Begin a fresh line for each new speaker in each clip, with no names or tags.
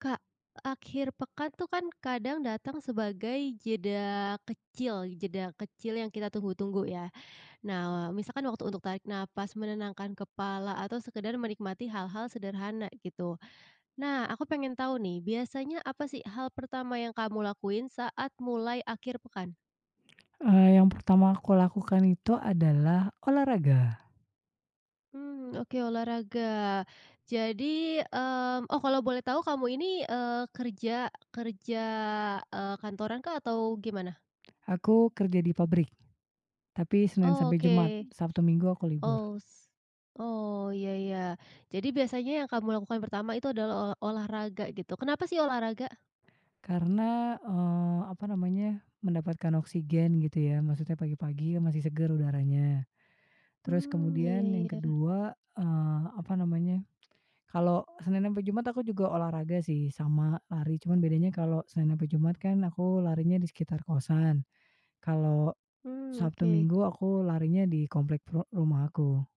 Kak, akhir pekan tuh kan kadang datang sebagai jeda kecil, jeda kecil yang kita tunggu-tunggu ya. Nah wa misalkan waktu untuk tarik nafas menenangkan kepala atau sekedar menikmati hal-hal sederhana gitu, nah aku pengen tahu nih biasanya apa sih hal pertama yang kamu lakuin saat mulai akhir pekan?
Eee, yang pertama aku lakukan itu adalah olahraga.
Mmm, oke olahraga, jadi, mmm, oh kalau boleh tahu kamu ini, eee, kerja kerja, eee, kantorankah atau gimana?
Aku kerja di pabrik, tapi Senin sampai
Oke.
Jumat. Sabtu, Minggu aku libur.
Oh s oh ya ya, jadi biasanya yang kamu lakukan pertama itu adalah ola olahraga gitu, kenapa sih olahraga?
Karena, eee, apa namanya, mendapatkan oksigen gitu ya maksudnya pagi-pagi ya, masih segar udaranya. Terus
Mmm, iya
kemudian yang
iya.
kedua eee, apa namanya, kalau Senin ampe Jumat aku juga olahraga sih, sama lari, cuman bedanya kalau Senin ampe Jumat kan aku larinya di sekitar kosan, kalau,
Mmm,
Sabtu,
oke.
Minggu aku larinya di komplek peru rumahku.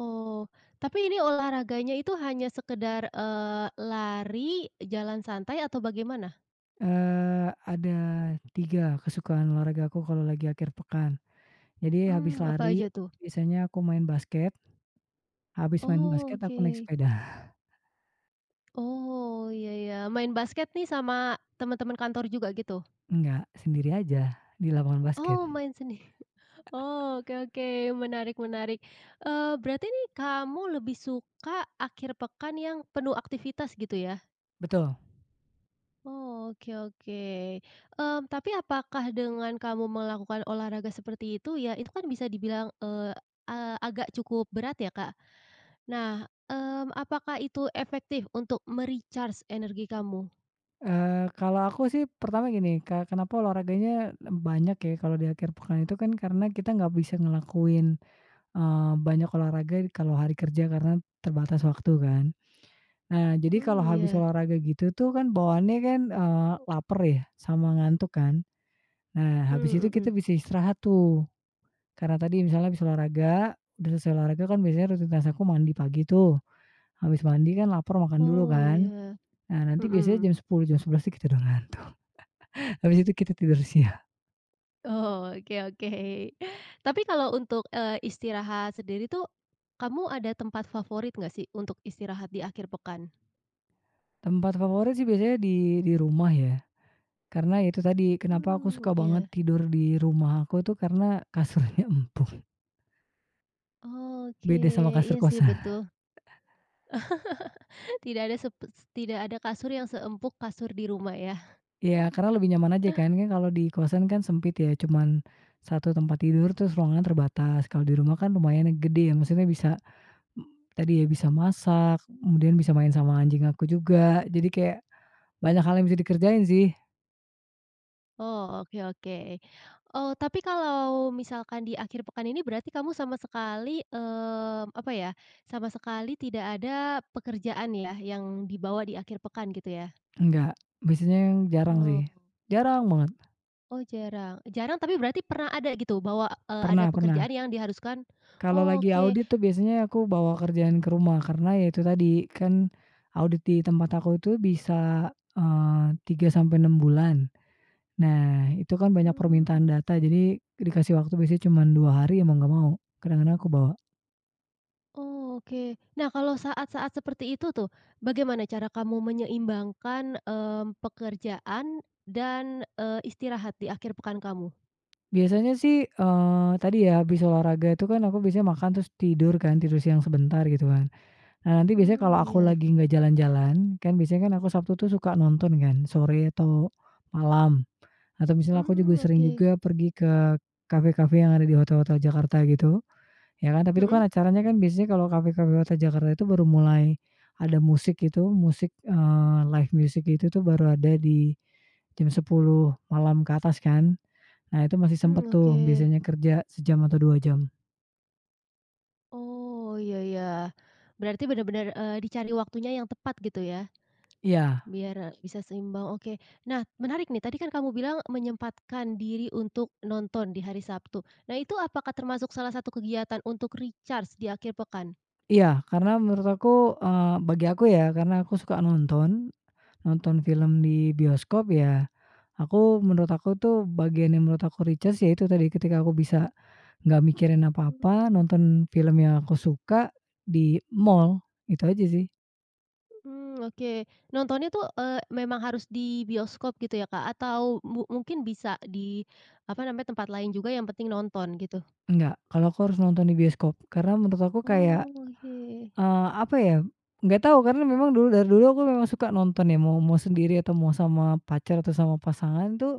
Oh, tapi ini olahraganya itu hanya sekedar, eee, lari, jalan santai atau bagaimana?
Eee, ada 3 kesukaan olahragaku kalau lagi akhir pekan, jadi habis
Mmm, apa
lari,
aja tuh?
biasanya aku main basket habis main
Oh
basket, aku naik
oke.
sepeda.
Oh iya iya main basket nih sama teman-teman kantor juga gitu?
Nggak, sendiri aja, di lapangan basket.
Oh main sendiri? Oh, oke oke, menarik menarik, eee, berarti ini kamu lebih suka akhir pekan yang penuh aktivitas gitu ya?
Betul.
Oh, oke oke, mmm, tapi apakah dengan kamu melakukan olahraga seperti itu ya, itu kan bisa dibilang, eee, a agak cukup berat ya Kak. Nah, mmm, apakah itu efektif untuk me-recharge energi kamu?
Eee, kalau aku sih pertama gini, ke kenapa olahraganya banyak ya kalau di akhir pekan, itu kan karena kita nggak bisa ngelakuin, eee, banyak olahraga di kalau hari kerja karena terbatas waktu kan. Nah jadi kalau
Mmm,
habis
iya.
olahraga gitu tuh kan bawaannya kan, eee, lapar ya, sama ngantuk kan. Nah habis
Mmm,
itu kita
mhm.
bisa istirahat tuh, karena tadi, misalnya habis olahraga, udah selesai olahraga kan biasanya rutinitas aku mandi pagi tuh, habis mandi kan lapar, makan dulu
Oh
kan,
iya,
nah nanti biasanya
mhm.
jam 10.00, jam 11.00 tuh kita udah ngantuk. Habis itu kita tidur siang.
Oh, oke oke. Tapi kalau untuk, eee, istirahat sendiri tuh, kamu ada tempat favorit nggak sih untuk istirahat di akhir pekan?
Tempat favorit sih biasanya di di rumah ya. Karena ya itu tadi, kenapa aku
Mmm,
suka banget
iya.
tidur di rumah aku tuh karena kasurnya empuk.
Oke,
Beda sama kasur
iya sih betul.
kosan.
Tidak ada sepe tidak ada kasur yang seempuk kasur di rumah ya.
Iya karena lebih nyaman aja kan, kan kalau di kosan kan sempit ya, cuman, 1 tempat tidur, terus ruangnya terbatas, kalau di rumah kan lumayan ya, gede ya, maksudnya bisa, m tadi ya bisa masak, kemudian bisa main sama anjing aku juga, jadi kayak, banyak hal yang bisa dikerjain sih.
Oh oke oke, eee, tapi kalau misalkan di akhir pekan ini, berarti kamu sama sekali, mmm, apa ya, sama sekali tidak ada pekerjaan ya yang dibawa di akhir pekan gitu ya?
Enggak, biasanya jarang sih,
Oh.
jarang banget.
Oh jarang, jarang tapi berarti pernah ada gitu? Bawa, eee, ada
Pernah
pekerjaan
pernah.
yang diharuskan
Kalau
oh,
lagi
oke.
audit tuh biasanya aku bawa kerjaan ke rumah. Karena ya itu tadi kan, audit di tempat aku itu bisa, eee, 3 sampai 6 bulan. Nah itu kan banyak
Mmm.
permintaan data, jadi dikasih waktu biasanya cuman 2 hari ya, mau gak mau. Kadang-kadang aku bawa.
Oh, oke. Nah, kalau saat-saat seperti itu tuh, bagaimana cara kamu menyeimbangkan, mmm, pekerjaan dan, eee, istirahat di akhir pekan kamu?
Biasanya sih, eee, tadi ya habis olahraga itu kan aku biasanya makan terus tidur kan tidur siang sebentar gitu kan. Nah nanti biasanya kalau
Mmm,
aku
iya.
lagi nggak jalan-jalan, kan biasanya kan aku Sabtu tuh suka nonton kan sore atau malam, atau misalnya aku juga
Mmm,
sering
oke.
juga pergi ke kafe-kafe yang ada di hotel-hotel Jakarta gitu, ya kan, tapi itu kan
Mhm.
acaranya kan biasanya kalau kafe-kafe hotel Jakarta itu baru mulai ada musik itu musik, eee, live music itu tuh baru ada di jam 22.00 malam ke atas kan. Nah itu masih sempat
Mmm,
tuh
oke.
biasanya kerja sejam atau dua jam.
Oh, iya iya. Berarti benar-benar, eee, dicari waktunya yang tepat gitu ya,
Iya.
biar, eee, bisa seimbang oke. Nah menarik nih tadi kan kamu bilang menyempatkan diri untuk nonton di hari Sabtu, nah itu apakah termasuk salah satu kegiatan untuk recharge di akhir pekan?
Iya karena menurut aku, eee, bagi aku ya karena aku suka nonton, nonton film di bioskop ya, aku menurut aku itu bagian yang menurut aku recharge yaitu tadi ketika aku bisa nggak mikirin apa-apa, nonton film yang aku suka di mal, itu aja sih.
Mmm, oke. Nontonnya tuh, eee, memang harus di bioskop gitu ya, Kak? Atau mu mungkin bisa di, apa namanya, tempat lain juga yang penting nonton gitu?
Enggak, kalau aku harus nonton di bioskop, karena menurut aku kayak,
Oke.
eee, apa ya nggak tahu karena memang dulu dari dulu aku memang suka nonton ya mau mau sendiri atau mau sama pacar atau sama pasangan tuh,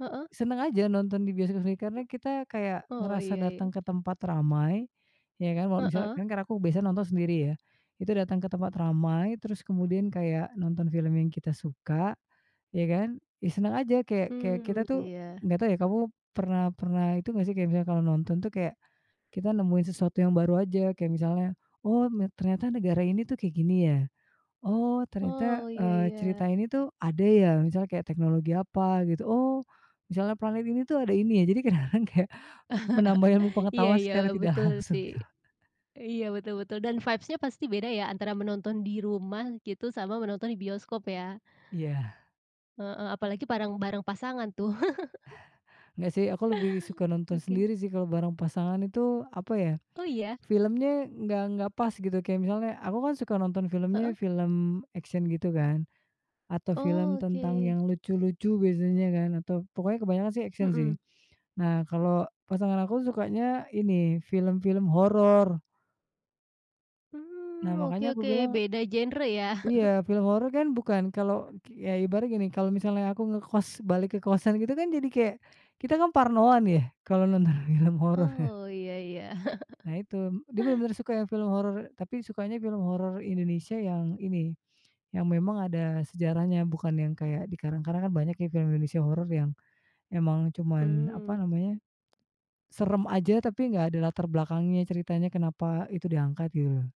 Heeh.
senang aja nonton di bioskop usi karena kita kayak
Oh,
ngerasa
iya iya.
datang ke tempat ramai, ya kan, wa misalnya
Heeh.
kan karena aku biasanya nonton sendiri ya. Itu datang ke tempat ramai terus kemudian kayak nonton film yang kita suka, ya kan, ya senang aja kayak kayak
Mmm,
kita tuh
iya.
nggak tahu ya, kamu pernah pernah itu nggak sih kayak misalnya kalau nonton tuh kayak kita nemuin sesuatu yang baru aja kayak misalnya, "Oh nya ternyata negara ini tuh kayak gini ya. Oh ternyata,
Oh, iya
eee,
iya.
cerita ini tuh ada ya," misalnya kayak teknologi apa gitu, "Oh," misalnya "planet ini tuh ada ini ya," jadi kadang-kadang kayak menambah ilmu
Iya
pengetahuan
iya
secara tidak
betul
langsung
sih.
ya.
Iya betul betul dan vibes-nya pasti beda ya antara menonton di rumah gitu sama menonton bioskop ya.
Iya.
Heeh, apalagi bareng, bareng pasangan tuh.
Nggak sih aku lebih suka nonton
Oke.
sendiri sih kalau bareng pasangan itu, apa ya
Oh, iya.
filmnya nggak nggak pas gitu kayak misalnya aku kan suka nonton filmnya
Heeh.
film action gitu kan, atau film tentang
Oke.
yang lucu-lucu biasanya kan atau pokoknya kebanyakan sih action sih.
Mhm.
Nah kalau pasangan aku sukanya ini film-film horor. Nah,
Mmm, oke
makannya aku
oke
bilang
beda genre ya.
Iya film horor kan bukan kalau k ya ibaratnya gini kalau misalnya aku ngekos balik ke kosan gitu kan jadi kayak, kita kan parnoan ya kalau nonton film horor.
Oh iya iya.
Nah itu, dia benar-benar suka yang film horor tapi sukanya film horor Indonesia yang ini, yang memang ada sejarahnya bukan yang kayak dikarang-karang kan banyak ya film Indonesia horor yang emang cuman, apa
Mmm.
namanya, seram aja tapi enggak ada latar belakangnya ceritanya kenapa itu diangkat gitu.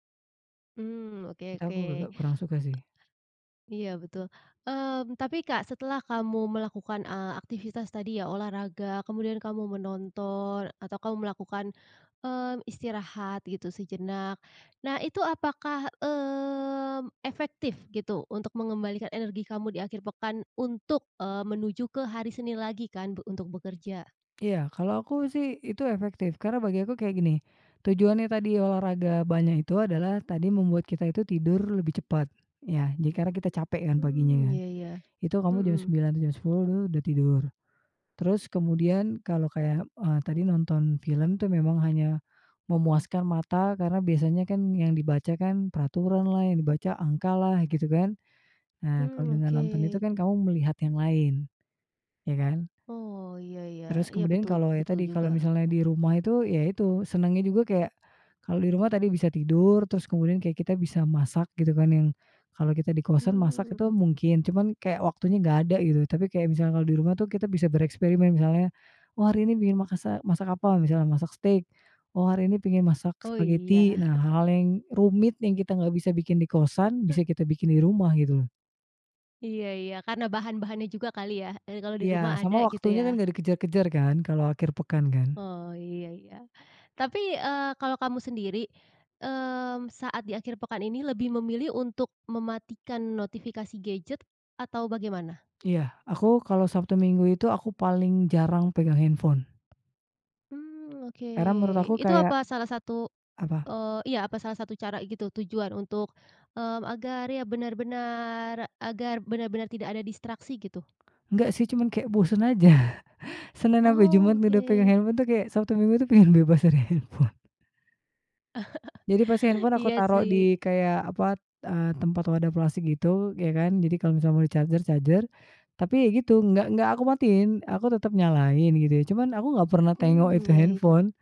Mmm, oke
Itu aku
oke.
kuru kurang suka sih.
Iya, betul. Mmm, tapi, Kak, setelah kamu melakukan, eee, aktivitas tadi ya olahraga kemudian kamu menonton atau kamu melakukan, mmm, istirahat gitu sejenak. Nah itu apakah, mmm, efektif gitu untuk mengembalikan energi kamu di akhir pekan untuk, eee, menuju ke hari Senin lagi kan be untuk bekerja?
Iya, kalau aku sih itu efektif karena bagi aku kayak gini, tujuannya tadi olahraga banyak itu adalah tadi membuat kita itu tidur lebih cepat ya, jadi karena kita capek kan
Mmm
paginya.
iya iya.
Itu kamu jam
Mmm.
21.00 jam 22.00 tuh dah tidur, terus kemudian kalau kayak, eee, tadi nonton film tuh memang hanya memuaskan mata karena biasanya kan yang dibaca kan peraturan lah, yang dibaca angka lah gitu kan. Nah kalau
Mmm,
dengan nonton itu
oke.
kan kamu melihat yang lain, ya kan.
Oh, iya iya.
Terus
Iya
kemudian
betul
kalau ya
betul
tadi, kalau
juga.
misalnya di rumah itu, ya itu, senangnya juga kayak kalau di rumah tadi bisa tidur, terus kemudian kayak kita bisa masak gitu kan yang, kalau kita di kosan masak itu
Mmm.
mungkin, cuman kayak waktunya nggak ada gitu, tapi kayak misalnya di rumah tuh kita bisa bereksperimen misalnya, "Oh hari ini bikin makasa masak apa?" Misalnya masak steak, "Oh hari ini pingin masak
Oh
spageti."
iya.
Nah hal-hal yang rumit yang kita nggak bisa bikin di kosan, bisa kita bikin di rumah gitu loh.
Iya iya karena bahan-bahannya juga kali ya, eee, kalau di rumah
Iya,
ada
sama
gitu
waktunya kan
ya.
gak dikejar-kejar kan, kalau akhir pekan kan.
Oh, iya iya. Tapi, eee, kalau kamu sendiri, mmm, saat di akhir pekan ini lebih memilih untuk mematikan notifikasi gadget atau bagaimana?
Iya, aku kalau Sabtu Minggu itu aku paling jarang pegang handphone.
Mmm oke.
Karena menurut aku
Itu
kayak
apa salah satu,
Apa?
eee, iya apa salah satu cara gitu tujuan untuk, mmm, agar ya benar-benar agar benar-benar tidak ada distraksi gitu?
Enggak sih cuman kayak bosan aja. Senin sampai Jumat udah pegang
Oke.
handphone tuh, kayak Sabtu minggu itu pengen bebas dari handphone. Jadi pasti handphone aku
Iya
taruh
sih.
di kayak apa, t eee, tempat wadah plastik gitu, ya kan, jadi kalau misalnya mau di-charger charger, tapi ya gitu nggak nggak aku matiin, aku tetap nyalain gitu ya cuman aku nggak pernah tengok
Mmm,
itu
iya iya.
handphone.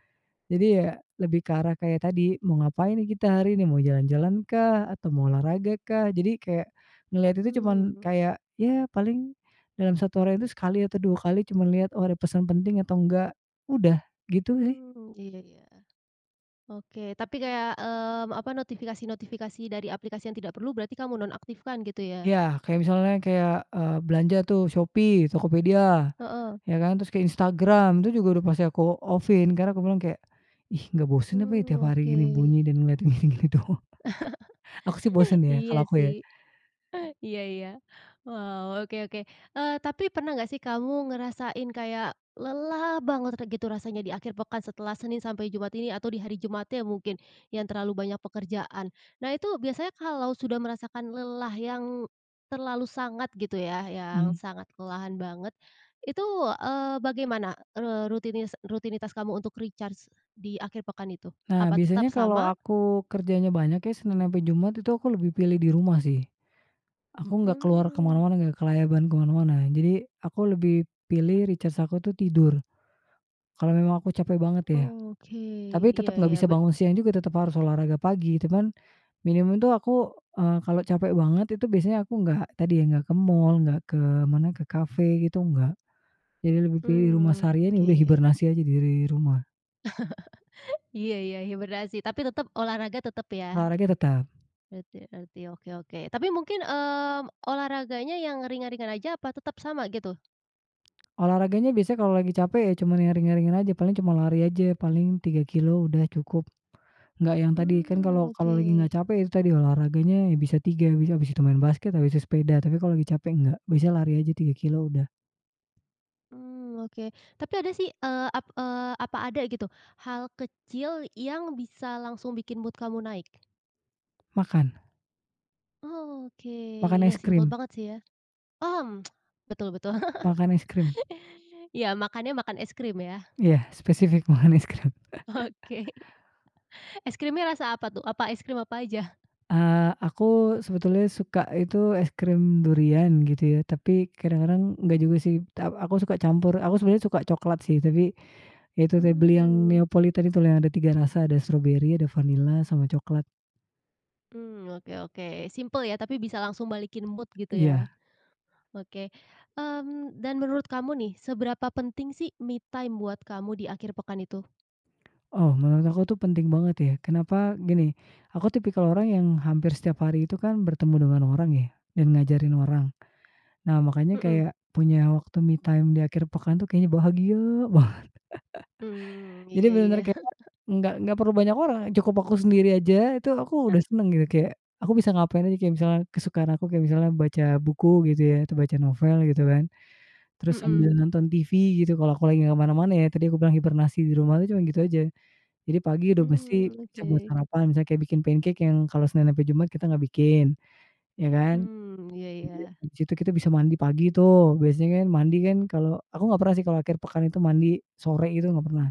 Jadi ya lebih ke arah kayak tadi mau ngapain kita hari ini, mau jalan-jalan kah atau mau olahraga kah? Jadi kayak ngelihat itu cuman
Mmm.
kayak ya paling dalam satu harian itu sekali atau dua kali cuman lihat, "Oh ada pesan penting atau enggak," udah gitu sih.
Mmm iya iya. Oke, tapi kayak, mmm, apa, notifikasi-notifikasi dari aplikasi yang tidak perlu berarti kamu nonaktifkan gitu ya?
Iya kayak misalnya kayak, eee, belanja tuh Shopee, Tokopedia,
Heeh.
ya kan, terus kek Instagram itu juga masih aku off-in karena aku bilang kayak, "Ih nggak bosan apa ya
Mmm
tiap hari
oke.
gini bunyi dan ngeliat gini-gini doang?" Aku sih bosan ya,
Iya
kalau aku ya.
sih, iya iya. Wah, oke oke. Eee, tapi pernah nggak sih kamu ngerasain kayak lelah banget atau gitu rasanya di akhir pekan setelah Senin sampai Jumat ini, atau di hari Jumatnya mungkin yang terlalu banyak pekerjaan. Nah, itu biasanya kalau sudah merasakan lelah yang terlalu sangat gitu ya, yang
Mmm.
sangat kelelahan banget, itu, eee, bagaimana, eee, rutinis rutinitas kamu untuk recharge di akhir pekan itu?
Nah
Apa
biasanya
tetap
kalau
sama?
aku kerjanya banyak ya Senin sampai Jumat itu aku lebih pilih di rumah sih. Aku nggak keluar ke
Mmm.
mana-mana, enggak kelayaban ke mana-mana, jadi aku lebih pilih recharge aku tuh tidur, kalau memang aku capek banget ya.
Oke.
Tapi
Iya
tetap nggak
iya
bisa
be
bangun siang juga tetap harus olahraga pagi cuman, minimum itu aku, eee, kalau capek banget itu biasanya aku nggak, tadi ya nggak ke mal, nggak ke mana ke kafe gitu enggak. Jadi lebih pilih rumah
Mmm,
seharian nih udah
oke.
hibernasi aja diri rumah.
Iya iya hibernasi, tapi tetap, olahraga tetap ya?
Olahraga tetap.
Ngerti- ngerti, oke oke tapi mungkin, mmm, olahraganya yang ringan-ringan aja apa tetap sama gitu?
Olahraganya biasanya kalau lagi capek ya cuma yang ringan-ringan aja, paling cuma lari aja, paling 3 kilo udah cukup. Nggak yang tadi, kan
Mmm,
kalau
oke.
kalau lagi enggak capek itu tadi olahraganya, ya bisa 3, abis abis itu main basket, abis itu sepeda, tapi kalau lagi capek nggak, biasa lari aja 3 kilo udah.
Mmm, oke, tapi ada sih, eee, ap eee, apa ada gitu, hal kecil yang bisa langsung bikin mood kamu naik?
Makan.
Oke,
Makan
ya
es
simpel
krim.
banget sih ya. Mmm betul betul.
Makan es krim.
Ya makannya, makan es krim ya?
Iya spesifik makan es krim.
Oke, es krimnya rasa apa tuh? Apa, es krim apa aja?
Eee, aku sebetulnya suka itu es krim durian gitu ya, tapi kadang-kadang nggak juga sih. A aku suka campur, aku sebenarnya suka cokelat sih, tapi, ya itu te beli yang
Mmm.
Neopolitan itu, yang ada 3 rasa, ada stroberi, ada vanila, sama coklat.
Mmm, oke oke, simpel ya tapi bisa langsung balikin mood gitu
Iya.
ya. Oke. Mmm, dan menurut kamu nih seberapa penting sih me time buat kamu di akhir pekan itu?
Oh, menurut aku tuh penting banget ya. Kenapa? Gini, aku tipikal orang yang hampir setiap hari itu kan bertemu dengan orang ya, dan ngajarin orang. Nah, makanya
Mhm.
kayak punya waktu me time di akhir pekan tuh kayaknya bahagia banget.
Mmm,
Jadi
iya iya.
benar-benar kayak nggak nggak perlu banyak orang, cukup aku sendiri aja, itu aku udah senang gitu kayak aku bisa ngapain aja, kayak misalkan kesukaan aku kayak misalkan, baca buku gitu ya, tuh baca novel gitu kan. Terus
Mhm.
sambil nonton TV gitu kalau aku lagi nggak kemana-mana ya, tadi aku bilang hibernasi di rumah tuh cuma gitu aja. Jadi pagi udah mesti
Mmm,
bisa buat
oke.
sarapan, misalnya bikin pancake yang kalau Senin sampai Jumat kita nggak bikin. Ya kan.
Mmm, iya
[unintelligible]
iya.
Di situ kita bisa mandi pagi tuh, biasanya kan, mandi kan, kalau aku gak pernah sih kalau akhir pekan itu mandi sore gitu, gak pernah.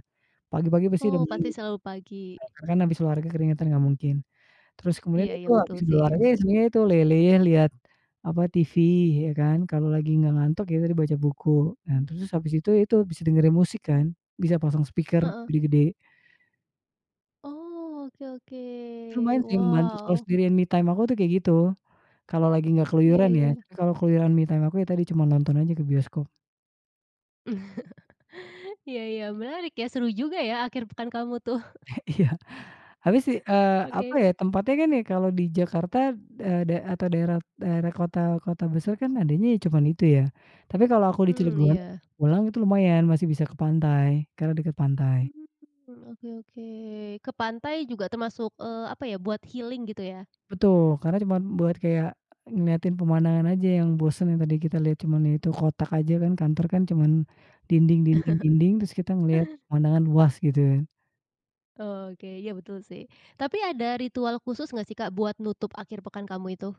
Pagi-pagi pasti udah
Oh,
mandi.
pati selalu pagi.
Karena kan habis olahraga keringetan, gak mungkin. Terus kemudian
Iya
itu
iya betul
habis
sih.
olahraga ya sebenarnya itu, leyeh-leyeh lihat, apa, TV iya kan, kalau lagi nggak ngantuk ya tadi baca buku. Nah terus habis itu, itu bisa dengerin musik kan, bisa pasang speaker
Heeh.
gede-gede.
Oh, oke
Ya lumayan
oke.
sering membantu kalau
Wow, oh.
sendirian me time aku tuh kayak gitu, kalau lagi enggak
Iya
keluyuran ya.
iya.
Kalau keluyuran me time aku ya tadi cuma nonton aja ke bioskop.
Iya iya menarik ya, seru juga ya akhir pekan kamu tuh.
Iya, habis sih, eee, apa
Oke.
ya, tempatnya kan ya kalau di Jakarta, eee, da atau daerah daerah kota kota besar kan adanya ya cuman itu ya. Tapi kalau aku di
Mmm
Cilegon,
iya.
pulang itu lumayan masih bisa ke pantai karena dekat pantai.
Mmm, oke oke. Ke pantai juga termasuk, eee, apa ya, buat healing gitu ya.
Betul, karena cuman buat kayak ngeliatin pemandangan aja yang bosan, yang tadi kita lihat cuma ya itu kotak aja kan, kantor kan, cuman dinding dinding dinding, terus kita ngelihat pemandangan luas gitu.
Oke ya betul sih. Tapi ada ritual khusus nggak sih Kak buat nutup akhir pekan kamu itu?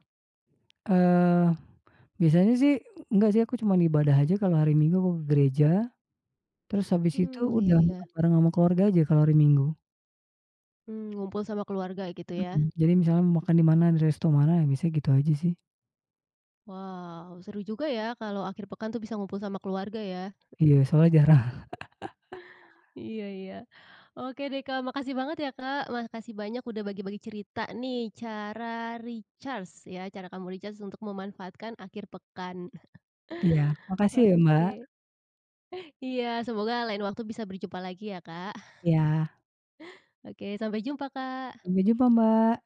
Eee, biasanya sih enggak sih, aku cuma ibadah aja kalau hari Minggu aku ke gereja, terus habis itu
Hmm, iya
udah, makan
iya.
bareng sama keluarga aja kalau hari Minggu.
Mmm, ngumpul sama keluarga gitu ya.
Mmm, jadi misalnya mau makan di mana, di resto mana, ya biasa gitu aja sih.
Wow, seru juga ya kalau akhir pekan tuh bisa ngumpul sama keluarga ya.
Iya soalnya jarang.
Iya iya. Oke deh Kak. Makasih banget ya Kak, makasih banyak udah bagi-bagi cerita nih, cara recharge ya, cara kamu recharge untuk memanfaatkan akhir pekan.
Iya, makasih ya Mbak.
Oke. Iya, semoga lain waktu bisa berjumpa lagi ya, Kak.
Iya.
Oke, sampai jumpa Kak.
Sampai jumpa Mbak.